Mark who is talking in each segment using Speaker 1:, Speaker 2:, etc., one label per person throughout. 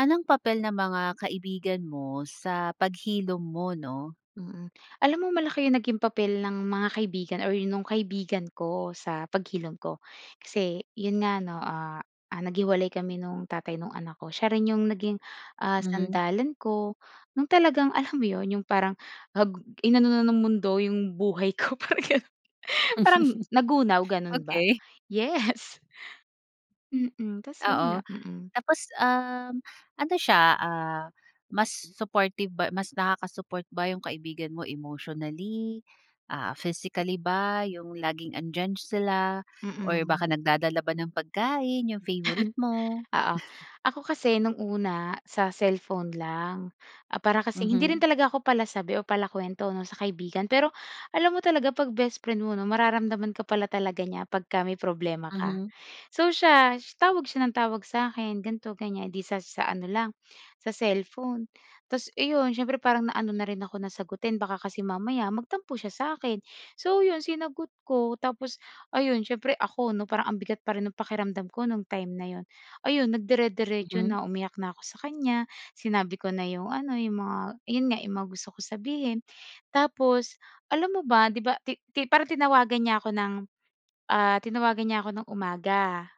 Speaker 1: Anong papel ng mga kaibigan mo sa paghilom mo, 'no?
Speaker 2: Mm. Alam mo malaki yung naging papel ng mga kaibigan or nung kaibigan ko sa paghilom ko. Kasi 'yon nga 'no, ah, ah, naghiwalay kami nung tatay nung anak ko. Siya rin yung naging, ah,
Speaker 1: Mhm.
Speaker 2: sandalan ko, no'ng talagang, alam mo 'yon, yung parang ag inano na ng mundo yung buhay ko parang gano'n. Parang nagunaw, gano'n ba.
Speaker 1: Okey.
Speaker 2: Yes. Mm. Tapos 'yon
Speaker 1: Oo.
Speaker 2: lang, mm.
Speaker 1: Tapos, um, ano siya, ah, mas supportive ba mas nakaka-support ba yung kaibigan mo emotionally, ah, physically ba, yung laging andiyan sila or
Speaker 2: Mm.
Speaker 1: baka nagdadala ba ng pagkain yung favorite mo?
Speaker 2: Oo. Ako kasi nung una sa cellphone lang, ah, para kasing hindi rin
Speaker 1: Mhm.
Speaker 2: talaga ako palasabi o palakuwento 'no, sa kaibigan. Pero, alam mo talaga 'pag bestfriend mo 'no, mararamdaman ka pala talaga niya pagka may problema ka.
Speaker 1: Mhm.
Speaker 2: So, siya, tawag siya ng tawag sa akin, ganito, ganiyan, 'di sa sa ano lang, sa cellphone. Tapos eh, 'yon, siyempre parang naano na rin ako na sagutin baka kasi mamaya magtampo siya sa 'kin. So, 'yon, sinagot ko. Tapos, ayun, siyempre ako 'no, parang ang bigat pa rin ng pakiramdam ko no'ng time na 'yon. Ayun, nagdire-diretso
Speaker 1: Mhm.
Speaker 2: na, umiyak na ako sa kanya. Sinabi ko na yung ano, yung mga 'yon nga, yung mga gusto kong sabihin. Tapos, alam mo ba, 'di ba, ti ti parang tinawagan niya ako ng, ah, tinawagan niya ako ng umaga.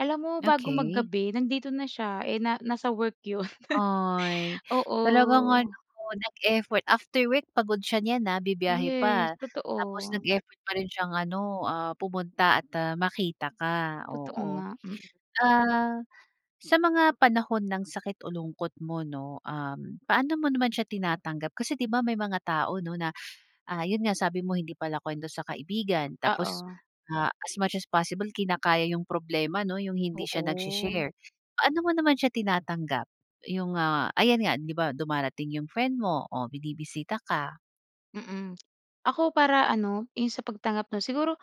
Speaker 2: Alam mo bago
Speaker 1: Okey.
Speaker 2: mag-gabi nandito na siya eh na nasa work 'yon.
Speaker 1: Ay, talagang ano
Speaker 2: Oo.
Speaker 1: nag-effort after work pagod siya nyan ha, bibiyahe
Speaker 2: Yes,
Speaker 1: pa. Tapos
Speaker 2: totoo.
Speaker 1: nag-effort pa rin siyang ano, ah, pumunta at, ah, makita ka,
Speaker 2: Totoo
Speaker 1: oo.
Speaker 2: nga, mm.
Speaker 1: Ah, sa mga panahon ng sakit o lungkot mo 'no, um, paano mo naman siya tinatanggap. Kasi, 'di ba, may mga tao 'no na, ah, yun nga, sabi mo hindi palakwento sa kaibigan. Tapos,
Speaker 2: Oo.
Speaker 1: ah, as much as possible, kinakaya yung problema 'no, yung hindi siya
Speaker 2: Oo.
Speaker 1: nagshi-share. Paano mo naman siya tinatanggap? Yung, ah, ayan nga, 'di ba, dumarating yung friend mo, oh, binibisita ka.
Speaker 2: Mm, ako para ano 'yong sa pagtanggap 'no. Siguro,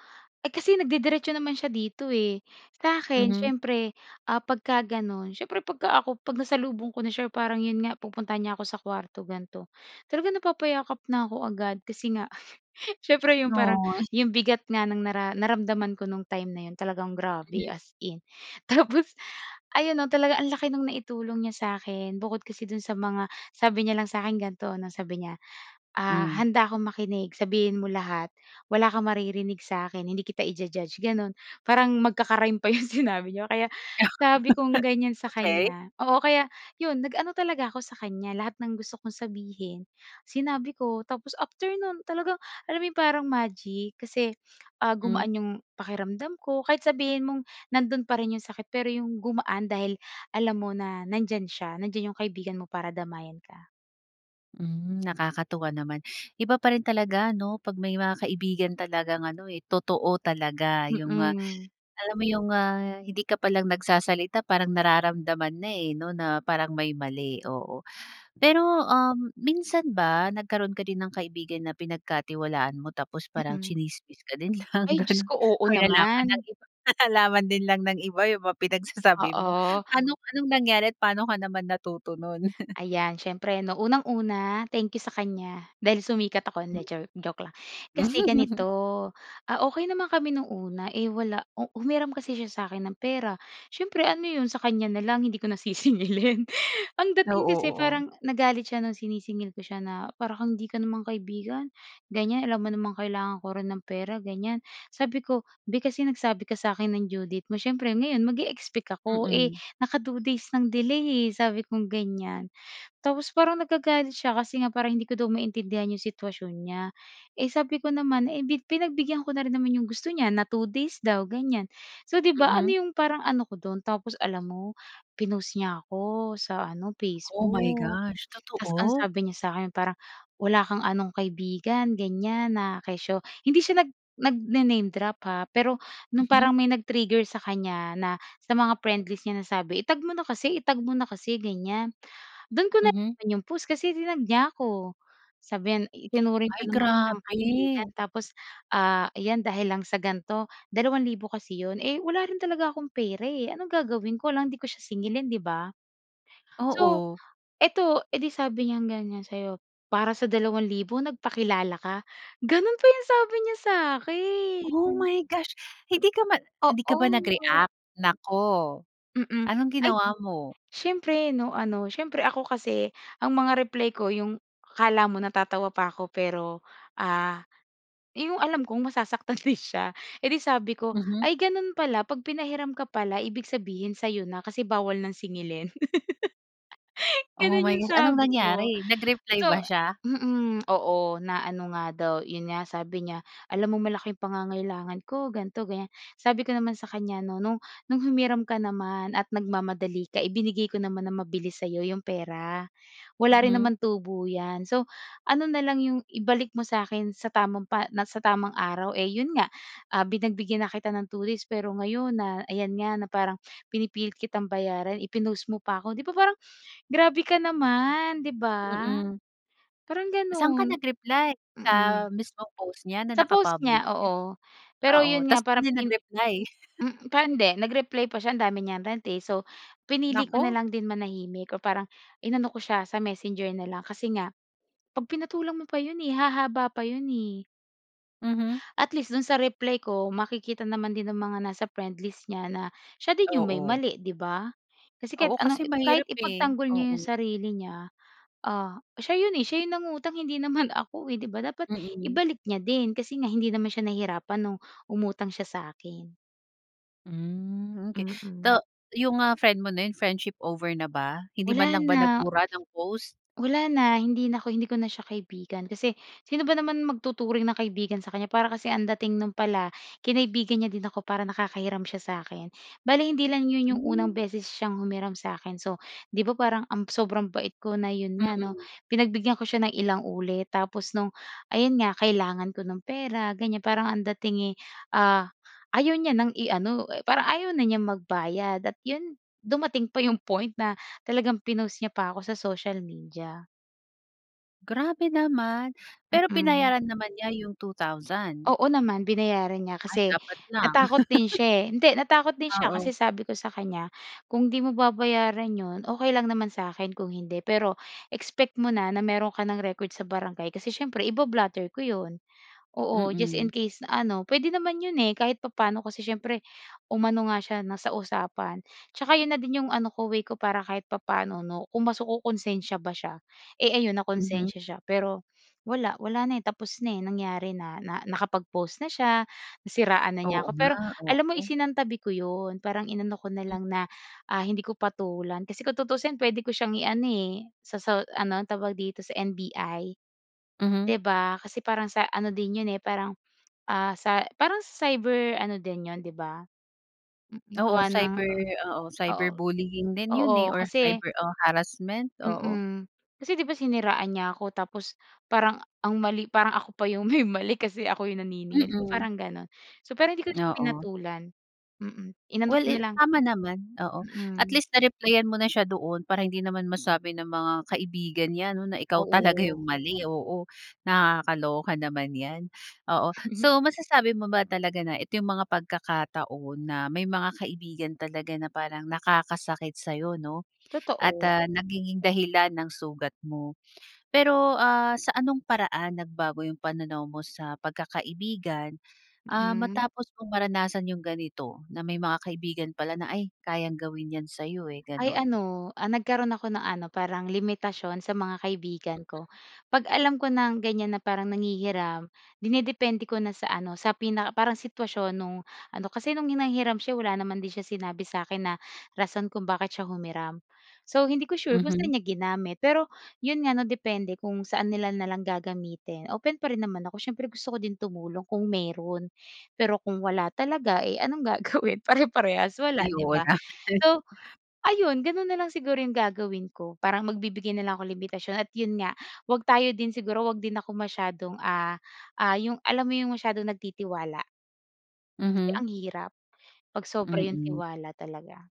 Speaker 2: eh, kasi nagde-diretso naman siya dito, eh, sakin
Speaker 1: Mhm.
Speaker 2: siyempre, ah, pagka gano'n siyempre 'pag ka ako 'pag nasalubong ko na s'ya parang 'yon nga pupuntahan niya ako sa kuwarto ganito talagang napapayakap na ako agad kasi nga siyempre 'yong parang
Speaker 1: Noy.
Speaker 2: 'yong bigat nga ng nara naramdaman ko nung time na 'yon talagang grabe
Speaker 1: Mhm.
Speaker 2: as in! Tapos ayon 'no, talaga ang laki no'ng naitulong niya sa'kin bukod kasi do'n sa mga, sabi niya lang sa akin ganito 'no, sabi niya, ah
Speaker 1: Hmm.
Speaker 2: "Handa akong makinig sabihin mo lahat. Wala kang maririnig sa akin. Hindi kita i-ju-judge", gano'n parang magkaka-rhyme pa 'yong sinabi niya kaya sabi kong gan'yan sa
Speaker 1: Okey.
Speaker 2: kanya oo, kaya 'yon nag-ano talaga ako sa kan'ya lahat ng gusto kong sabihin sinabi ko tapos after nun talagang, alam 'yong parang magic kasi, ah,
Speaker 1: Mm.
Speaker 2: gumaan 'yong pakiramdam ko kahit sabihin mong nandoon pa rin 'yong sakit, pero 'yong gumaan dahil alam mo na nandiyan siya, nandiyan 'yong kaibigan mo para damayan ka.
Speaker 1: Hmm, nakakatuwa naman. Iba pa rin talaga 'no pag may mga kaibigan talagang ano, eh, totoo talaga yung, ah,
Speaker 2: Mhm.
Speaker 1: alam mo yung, ah, hindi ka pa lang nagsasalita parang nararamdaman na, eh, 'no na parang may mali, oo. Pero, um, minsan ba nagkaroon ka din ng kaibigan na pinagkatiwalaan mo tapos parang
Speaker 2: Mm.
Speaker 1: chinismis ka din lang
Speaker 2: Ay Diyos
Speaker 1: ganun
Speaker 2: ko, oo
Speaker 1: nalaman ng
Speaker 2: naman!
Speaker 1: iba, 'tas nalaman din lang ng iba yung mga pinagsasabi mo.
Speaker 2: Oo.
Speaker 1: Anong, anong nangyari at paano ka naman natuto nun?
Speaker 2: Ayan siyempre 'no unang-una, thank you sa kan'ya dahil sumikat ako, hindi jo joke lang, kasi ganito, ah, okey naman kami nung una, eh, wala u humiram kasi siya sa akin ng pera siyempre ano 'yon sa kanya na lang hindi ko nasisingilin? Ang dating
Speaker 1: Oo,
Speaker 2: kasi
Speaker 1: oo.
Speaker 2: parang nagalit siya ng sinisingil ko siya na para kang hindi ka naman kaibigan gan'yan, alam mo namang kailangan ko rin ng pera ganyan, sabi ko "Bi, kasi nagsabi ka sa akin ng due date mo siyempre ngayon mag-e-expect ako, eh,
Speaker 1: Mm.
Speaker 2: naka 2 days ng delay, eh." sabi kong gan'yan tapos parang nagagalit siya kasi nga parang hindi ko maintindihan 'yong sitwasyon niya, eh, sabi ko naman, eh, pi pinagbigyan ko na rin naman 'yong gusto niya na 2 days daw gan'yan, so, 'di ba, ano
Speaker 1: Mhm.
Speaker 2: 'yong parang ano ko do'n tapos alam mo pinost niya ako sa ano
Speaker 1: Oh my
Speaker 2: Facebook.
Speaker 1: gosh,
Speaker 2: Tapos ang
Speaker 1: totoo?
Speaker 2: sabi niya sa 'kin parang wala kang anong kaibigan gan'yan, na kesyo hindi siya nag nagna name drop, ha, pero no'ng
Speaker 1: Mhm.
Speaker 2: parang may nag-trigger sa kanya na sa mga friend list niya na sabi i-tag mo na kasi i-tag mo na kasi ganyan do'n ko
Speaker 1: Mhm.
Speaker 2: nalaman 'yong post kasi tinag niya ako sabi niyan itinuring pa
Speaker 1: Ay
Speaker 2: naman kitang kaibigan
Speaker 1: grabe!
Speaker 2: tapos, ah, ayan dahil lang sa gan 'to dalawang libo kasi 'yon, eh, wala rin talaga akong pera, eh. Anong gagawin ko alangan 'di ko siya singilin 'di ba? So,
Speaker 1: Oo.
Speaker 2: eto, eh, 'di sabi niyang ganyan sa'yo, "Para sa dalawang libo nagpakilala ka", gano'n pa 'yong sabi niya sa akin.
Speaker 1: Oh my gosh! Hindi ka man hindi ka ba
Speaker 2: Oo.
Speaker 1: nag-react? Naku!
Speaker 2: Mm,
Speaker 1: Anong
Speaker 2: ay
Speaker 1: ginawa mo?
Speaker 2: siyempre 'no, ano, siyempre ako kasi ang mga reply ko yung akala mo natatawa pa ako pero, ah, yung alam kong masasaktan rin siya, eh, 'di sabi ko,
Speaker 1: Mhm.
Speaker 2: "Ay! ganun pala pag pinahiram ka pala ibig sabihin sa'yo na kasi bawal ng singilin."
Speaker 1: Oh
Speaker 2: Ganun
Speaker 1: my
Speaker 2: yung
Speaker 1: Gosh! Anong
Speaker 2: sabi ko,
Speaker 1: nangyari? Nag-reply
Speaker 2: so
Speaker 1: ba siya?
Speaker 2: mm, oo na ano nga daw yun nga sabi niya alam mong malaking pangangailangan ko ganito-gan'yan. Sabi ko naman sa kanya 'no, "No'ng no'ng humiram ka naman at nagmamadali ka ibinigay ko naman na mabilis sa'yo 'yong pera, wala rin
Speaker 1: Mhm.
Speaker 2: naman tubo 'yan, so, ano na lang 'yong ibalik mo sa akin sa tamang pa sa tamang araw, eh, 'yon nga, ah, pinagbigyan na kita ng 2 days pero ngayon na ayan nga na parang pinipilit kitang bayaran i-pinost mo pa ako", 'di ba, parang grabe ka naman 'di ba?
Speaker 1: Mm.
Speaker 2: Parang
Speaker 1: Saan ka
Speaker 2: gano'n,
Speaker 1: nag-reply
Speaker 2: mm,
Speaker 1: sa mismong post niya na
Speaker 2: sa
Speaker 1: naka
Speaker 2: post
Speaker 1: public?
Speaker 2: niya, oo, pero
Speaker 1: Oo
Speaker 2: yun nga
Speaker 1: 'tas dun
Speaker 2: parang
Speaker 1: din
Speaker 2: pin
Speaker 1: nag-reply?
Speaker 2: mm, parang hindi, nag-reply pa siya ang dami niyang rant, eh, so, pinili ko na
Speaker 1: Naku!
Speaker 2: lang din manahimik o parang inano ko siya sa Messenger na lang kasi nga 'pag pinatulan mo pa 'yon, eh, hahaba pa 'yon, eh.
Speaker 1: Mhm.
Speaker 2: At least do'n sa reply ko makikita naman din ang mga nasa friendlist niya na siya din 'yong may
Speaker 1: Oo.
Speaker 2: mali 'di ba kasi kahit
Speaker 1: Oo
Speaker 2: anong
Speaker 1: kasi
Speaker 2: kahit
Speaker 1: mahirap, eh,
Speaker 2: ipagtanggol niya 'yong
Speaker 1: oo.
Speaker 2: sarili niya, ah, siya 'yon, eh, siya 'yong nangutang hindi naman ako, eh, 'di ba dapat
Speaker 1: Mm.
Speaker 2: ibalik niya din kasi nga hindi naman siya nahirapan nung umutang siya sa akin.
Speaker 1: Mm. Okey,
Speaker 2: Mm.
Speaker 1: though, yung, ah, friend mo na 'yon, friendship over na ba? Hindi man
Speaker 2: Wala
Speaker 1: lang ba
Speaker 2: na.
Speaker 1: nagbura ng post?
Speaker 2: Wala na, hindi na ako hindi ko na siya kaibigan. Kasi sino ba naman magtuturing na kaibigan sa kanya, para kasi ang dating no'n pala kinaibigan niya din ako para nakakahiram siya sa'kin. Bale hindi lang 'yon yung unang
Speaker 1: Hmm.
Speaker 2: beses siyang humiram sa akin. So, 'di ba parang ang sobrang bait ko na, 'yon nga 'no,
Speaker 1: Mm.
Speaker 2: pinagbigyan ko siya ng ilang ulit tapos no'ng, ayun nga, kailangan ko ng pera, ganiyan, parang ang dating eh, ah, ayaw niya ng i-ano, eh parang ayaw na niyang magbayad at 'yon dumating pa yung point na talagang pinost niya pa 'ko sa social media.
Speaker 1: Grabe naman. Pero
Speaker 2: Mm.
Speaker 1: binayaran naman niya yung 2000.
Speaker 2: Oo naman, binayaran niya
Speaker 1: Ay,
Speaker 2: kasi
Speaker 1: dapat lang.
Speaker 2: natakot din siya eh. Hindi, natakot din siya kasi
Speaker 1: Oo.
Speaker 2: sabi ko sa kanya, "Kung 'di mo babayaran 'yon, okey lang naman sa akin kung hindi. Pero expect mo na na meron ka ng record sa barangay kasi siyempre iba-blotter ko 'yon." Oo, just in
Speaker 1: Mm.
Speaker 2: case na ano, puwede naman 'yon eh kahit papaano, kasi siyempre umano nga siya na sa usapan. Tsaka yun na din yung ano ko, way ko, para kahit papaano 'no, kung mas kokonsensya ba siya. Eh, ayun,
Speaker 1: Mhm.
Speaker 2: nakonsensiya siya. Pero, wala, wala na eh, tapos na eh, nangyari na, na nakapag-post na siya, nasiraan na niya
Speaker 1: Oo
Speaker 2: ako.
Speaker 1: nga,
Speaker 2: Pero alam mo
Speaker 1: oo.
Speaker 2: isinantabi ko 'yon, parang inano ko na
Speaker 1: Hmm.
Speaker 2: lang na, ah, hindi ko patulan. Kasi kung tutuusin puwede ko siyang iano eh, sa sa ano, tawag dito, sa NBI,
Speaker 1: Mhm.
Speaker 2: 'di ba? Kasi parang sa ano din yun eh, parang, ah, sa parang cyber ano din yun, 'di ba? Mm, gawa
Speaker 1: Oo,
Speaker 2: ng
Speaker 1: cyber oo, cyber
Speaker 2: oo.
Speaker 1: bullying din 'yon eh
Speaker 2: Oo,
Speaker 1: or
Speaker 2: kasi
Speaker 1: cyber o harassment, oo.
Speaker 2: Mm. Kasi, 'di ba, siniraan niya ako. Tapos parang ang mali parang ako pa yung may mali, kasi ako yung naniningil, 'di ba,
Speaker 1: Mm.
Speaker 2: parang gano'n. So, pero hindi ko siya
Speaker 1: Oo.
Speaker 2: pinatulan. Mm, inano ko
Speaker 1: Well, eh,
Speaker 2: nalang.
Speaker 1: tama naman, oo. At
Speaker 2: Mm.
Speaker 1: least na-replyan mo na siya doon para hindi naman masabi ng mga kaibigan niya, 'no, na ikaw talaga
Speaker 2: Oo.
Speaker 1: yung mali, oo. Nakakaloka naman 'yan, oo. So, masasabi mo ba talaga na ito yung mga pagkakataon na may mga kaibigan talaga na parang nakakasakit sa'yo, 'no at,
Speaker 2: Totoo.
Speaker 1: ah, nagiging dahilan ng sugat mo? Pero, ah, sa anong paraan nagbago yung pananaw mo sa pagkakaibigan? Ah,
Speaker 2: Mm.
Speaker 1: matapos mong maranasan yung ganito, na may mga kaibigan pala na, "ay, kayang gawin yan sa'yo eh,"
Speaker 2: Ay,
Speaker 1: gano'n.
Speaker 2: ano, ah, nagkaroon ako ng ano, parang limitasyon sa mga kaibigan ko.
Speaker 1: Mm.
Speaker 2: 'Pag alam ko ng ganiyan na parang nanghihiram, dinidepende ko na sa ano, sa pinaka parang sitwasyon no'ng ano. Kasi no'ng hanghiram siya eh wala din naman siya sinabi sa akin na rason kung bakit siya humiram. So, hindi ko sure kung saan
Speaker 1: Mhm.
Speaker 2: niya ginamit. Pero, 'yon nga, 'no, depende kung saan nila nalang gagamitin. Open pa rin naman ako siyempre, gusto ko din tumulong kung meron. Pero kung wala talaga eh anong gagawin pareparehas wala,
Speaker 1: Ay,
Speaker 2: 'di
Speaker 1: oo
Speaker 2: ba?
Speaker 1: na.
Speaker 2: So, ayun, gano'n na lang siguro yung gagawin ko parang magbibigay nalang ako limitasyon at, yun nga, huwag tayo din siguro 'wag din ako masyadong, ah, ah, yung alam mo yung masyadong nagtitiwala? Kasi
Speaker 1: Mhm.
Speaker 2: ang hirap pag sobra yung
Speaker 1: Mm.
Speaker 2: tiwala talaga.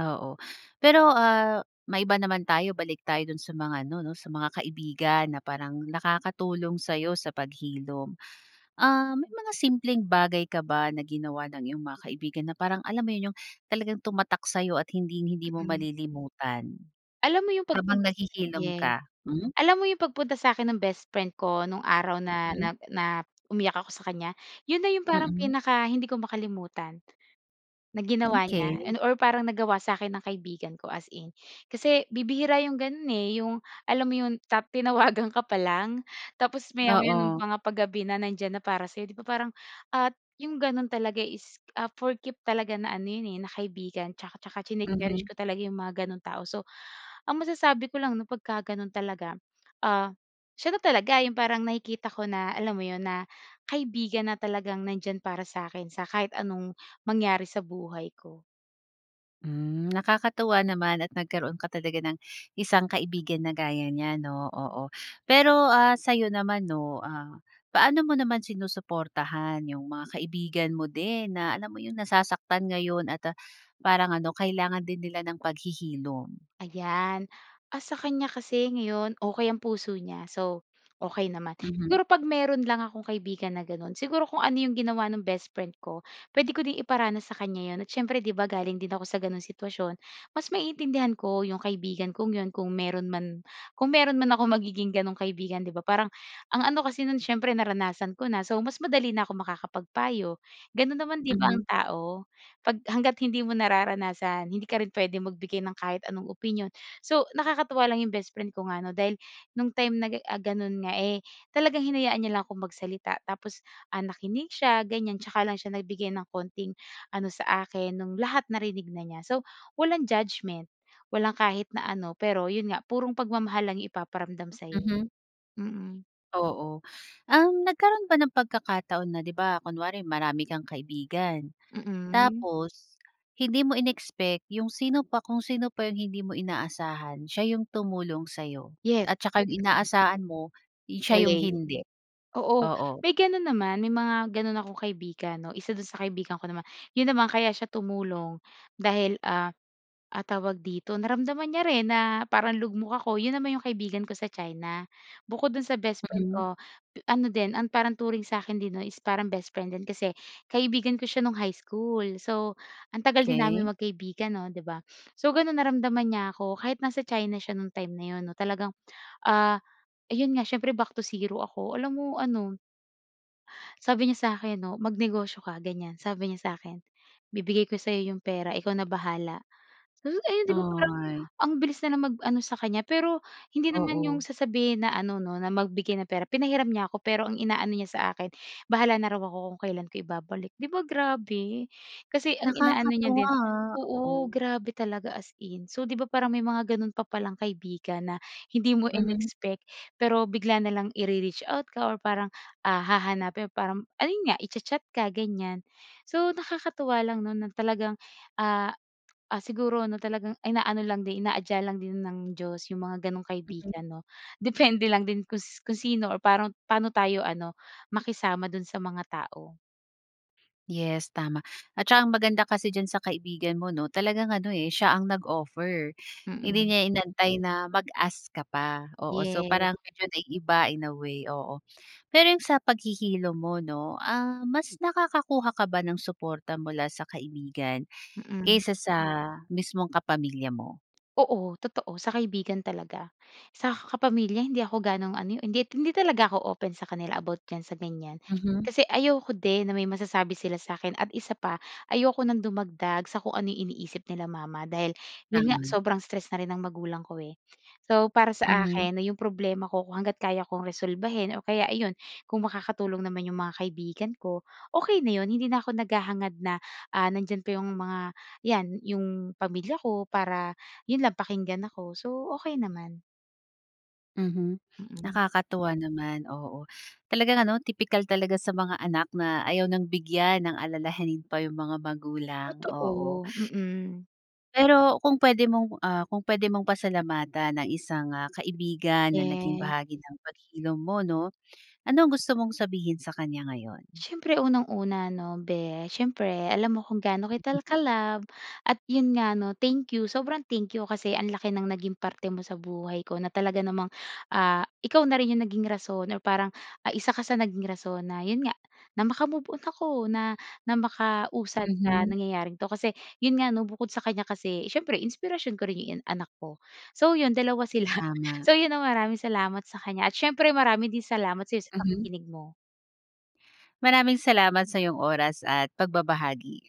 Speaker 1: Oo, pero, ah, maiba naman tayo. Balik tayo dun sa mga ano 'no sa mga kaibigan na parang nakakatulong sayo sa paghilom. Ah, may mga simpleng bagay ka ba na ginawa ng iyong mga kaibigan na parang alam mo 'yun, yung talagang tumatak sa'yo at hinding-hindi mo
Speaker 2: Mm.
Speaker 1: malilimutan,
Speaker 2: Alam mo yung
Speaker 1: habang
Speaker 2: pagpunta sa
Speaker 1: naghihilom
Speaker 2: yeah.
Speaker 1: ka? Hmm.
Speaker 2: Alam mo yung pag punta sa akin ng best friend ko nung araw na
Speaker 1: Mm.
Speaker 2: na na umiyak ako sa kan'ya yun na yung parang
Speaker 1: Mm.
Speaker 2: pinaka hindi ko makalimutan na ginawa niya,
Speaker 1: Okey.
Speaker 2: and or parang nagawa sa akin ng kaibigan ko, as in. Kasi bibihira yung gano'n, eh, yung alam mo yun ta tinawagan ka pa lang tapos maya-maya ng
Speaker 1: Oo.
Speaker 2: mga pag gabi na nandiyan na para sa'yo, 'di ba, parang at yung ganon talaga is, ah, for keep talaga na ano yan, eh, na kaibigan 'tsaka 'tsaka chine cherish
Speaker 1: Mhm.
Speaker 2: ko talaga yung mga gano'ng tao. So, ang masasabi ko lang 'no pagkaganon talaga, ah, siya na talaga yung parang nakikita ko na alam mo yun na kaibigan na talagang nand'yan para sa'kin sa kahit anong mangyari sa buhay ko.
Speaker 1: Hmm, nakakatuwa naman at nagkaroon ka talaga ng isang kaibigan na gaya niya 'no, oo. Pero, ah, sayo naman 'no, ah, paano mo naman sinusuportahan yung mga kaibigan mo din na alam mo yung nasasaktan ngayon at, ah, parang ano kailangan din nila ng paghihilom?
Speaker 2: Ayan. Ah, sa kanya kasi ngayon okey ang puso niya, so, okey naman.
Speaker 1: Mhm.
Speaker 2: Siguro 'pag meron lang akong kaibigan na gano'n siguro kung ano 'yong ginawa ng bestfriend ko pwede ko din iparanas sa kan'ya 'yon, at syempre 'di ba galing din ako sa gano'n sitwasyon mas maiintindihan ko 'yong kaibigan kong 'yon kung meron man, kung meron man akong magiging gano'ng kaibigan 'di ba parang ang ano kasi no'n siyempre naranasan ko na, so, mas madali na ako makakapagpayo. Gano'n naman 'di ba
Speaker 1: Mhm.
Speaker 2: ang tao pag hangga't hindi mo nararanasan hindi ka rin puwedeng magbigay ng kahit anong opinyon. So, nakakatuwa lang 'yong bestfriend ko nga 'no dahil no'ng time na ga eh, ah, gano'n nga, eh, talagang hinayaan niya lang akong magsalita. Tapos, ah, nakinig siya ganyan 'tsaka lang siya nagbigay ng konting ano sa akin nung lahat narinig na niya. So, walang judgment walang kahit na ano pero yun nga purong pagmamahal lang yung ipaparamdam sa'yo.
Speaker 1: Mhm.
Speaker 2: Mm.
Speaker 1: Oo. Um, nagkaroon ba ng pagkakataon na 'di ba, kunwari marami kang kaibigan
Speaker 2: Mm.
Speaker 1: tapos hindi mo in-expect 'yong sino pa, kung sino pa yung hindi mo inaasahan siya yung tumulong sa'yo
Speaker 2: Yes.
Speaker 1: at saka 'yong
Speaker 2: Mm.
Speaker 1: inaasahan mo, eh, siya 'yong
Speaker 2: Waley.
Speaker 1: hindi?
Speaker 2: Oo
Speaker 1: Oo.
Speaker 2: may ganun naman may mga ganun akong kaibigan 'no. Isa dun sa kaibigan ko naman yun naman kaya siya tumulong dahil, ah, ah, tawag dito, naramdaman niya rin na parang lugmok ako. 'Yon naman 'yong kaibigan ko sa China bukod doon sa best friend
Speaker 1: Mhm.
Speaker 2: ko pe ano din ang parang turing sa akin din 'no is parang best friend din kasi kaibigan ko siya nung high school. So, ang tagal din namin
Speaker 1: Okey.
Speaker 2: magkaibigan 'no, 'di ba. So, gano'n naramdaman niya ako kahit nasa China siya no'ng time na 'yon 'no talagang, ah, ayon nga s'yempre back to zero ako. Alam mo ano sabi niya sakin 'no, "Mag negosyo ka", gan'yan, sabi niya sakin, "Bibigay ko sayo yung pera ikaw na bahala", sabi ko ay 'di ba parang
Speaker 1: Ay.
Speaker 2: ang bilis nilang mag ano sa kanya pero hindi naman yung
Speaker 1: Oo.
Speaker 2: sasabihin na ano 'no na magbigay ng pera, pinahiram niya ako, pero ang inaano niya sa akin bahala na raw ako kung kailan ko ibabalik. 'Di ba grabe? kasi ang inaano niya
Speaker 1: Nakakatuwa,
Speaker 2: din
Speaker 1: ah,
Speaker 2: oo
Speaker 1: oo.
Speaker 2: grabe talaga, as in. So, 'di ba parang may mga ganun pa palang kaibigan na hindi mo
Speaker 1: Mhm.
Speaker 2: in-expect, pero bigla na lang ire-reach out ka or parang, ah, hahanapin parang ayun nga i-cha-chat ka gan'yan. So, nakakatuwa lang 'no na talagang, ah, ah, siguro ano talagang inaano lang din inaadya lang din ng Diyos yung mga ganong
Speaker 1: Mhm.
Speaker 2: kaibigan 'no depende lang din kus kung sino or parang paano tayo ano, makisama dun sa mga tao.
Speaker 1: Yes, tama at tsaka ang maganda kasi diyan sa kaibigan mo, 'no, talagang ano, eh, siya ang nag-offer, hindi
Speaker 2: Mm.
Speaker 1: niya inantay na mag-ask ka pa, oo. So,
Speaker 2: Yes.
Speaker 1: parang medyo naiiba, in a way, oo. Pero yun, sa paghihilom mo, 'no, ah, mas nakakakuha ka ba ng suporta mula sa kaibigan
Speaker 2: Mm.
Speaker 1: kaysa sa mismong kapamilya mo?
Speaker 2: Oo, totoo, sa kaibigan talaga. Sa kapamilya, hindi ako gano'ng ano eh, hin hindi talaga ako open sa kanila about diyan sa ganiyan.
Speaker 1: Mhm.
Speaker 2: Kasi ayoko din na may masasabi sila sa akin at isa pa ayoko ng dumagdag sa kung ano yung iniisip nila mama dahil, yun nga,
Speaker 1: Tama.
Speaker 2: sobrang stress na rin ang magulang ko, eh. So, para sa
Speaker 1: Mhm.
Speaker 2: akin 'no yung problema ko kung hangga't kaya kong resolbahin or kaya, ayun, kung makakatulong naman yung mga kaibigan ko, okey na yun. Hindi na ako naghahangad na, ah, nandiyan pa yung mga, yan, yung pamilya ko para, yun lang, pakinggan ako. So, okey naman.
Speaker 1: Mhm,
Speaker 2: Mm.
Speaker 1: nakakatuwa naman, oo, talagang ano, tipikal talaga sa mga anak na ayaw ng bigyan ng alalahanin pa yung mga magulang, oo.
Speaker 2: Totoo, mm.
Speaker 1: Pero kung puwede mong, ah, kung puwede mong pasalamatan ang isang, ah, kaibigan na naging
Speaker 2: Yes.
Speaker 1: bahagi ng paghilom mo, 'no? Ano ang gusto mong sabihin sa kanya ngayon?
Speaker 2: Siyempre unang-una 'no, "Beh, siyempre alam mo kung gaano kita ka-love at, yun nga, 'no, thank you, sobrang thank you kasi ang laki ng naging parte mo sa buhay ko na talaga namang, ah, ikaw na rin yung naging rason or parang, ah, isa ka sa naging rason na, yun nga, na maka move-on ako, na na makausad sa
Speaker 1: Mhm.
Speaker 2: nangyayaring ito." Kasi, yun nga, 'no, bukod sa kanya kasi siyempre inspirasyon ko rin yung anak ko. So, yun 2 sila.
Speaker 1: Tama.
Speaker 2: So, yun, ah, maraming salamat sa kanya at siyempre marami din salamat sa'yo sa
Speaker 1: Mhm.
Speaker 2: pakikinig mo.
Speaker 1: Maraming salamat sa iyong oras at pagbabahagi.